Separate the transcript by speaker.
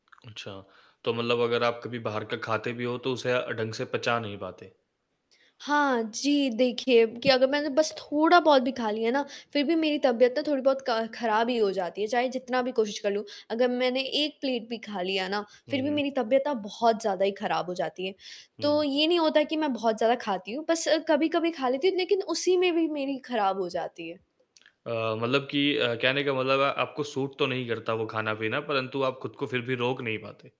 Speaker 1: अच्छा, तो मतलब अगर आप कभी बाहर का ख़ाते भी हो तो उसे अ, ढंग से पचा नहीं पाते?
Speaker 2: हाँ जी, देखिए कि अगर मैंने बस थोड़ा बहुत भी ख़ा लिया ना फ़िर भी मेरी तबीयत ना थोड़ी-बहुत क ख़राब ही हो जाती है। चाहे जितना भी कोशिश कर लूँ अगर मैंने 1 प्लेट भी ख़ा लिया ना
Speaker 1: हुँ,
Speaker 2: फ़िर भी
Speaker 1: हुँ।
Speaker 2: मेरी तबीयत ना बहुत ज़्यादा ही ख़राब हो जाती है। तो
Speaker 1: हुँ।
Speaker 2: ये नहीं होता कि मैं बहुत ज़्यादा खाती हूँ। बस कभी-कभी ख़ा लेती हूँ लेक़िन उसी में भी मेरी ख़राब हो जाती है।
Speaker 1: अ, मतलब कि अ, कहने का मतलब है आपको सूट तो नहीं करता वो ख़ाना-पीना परंतु आप ख़ुद को फ़िर भी रोक नहीं पाते।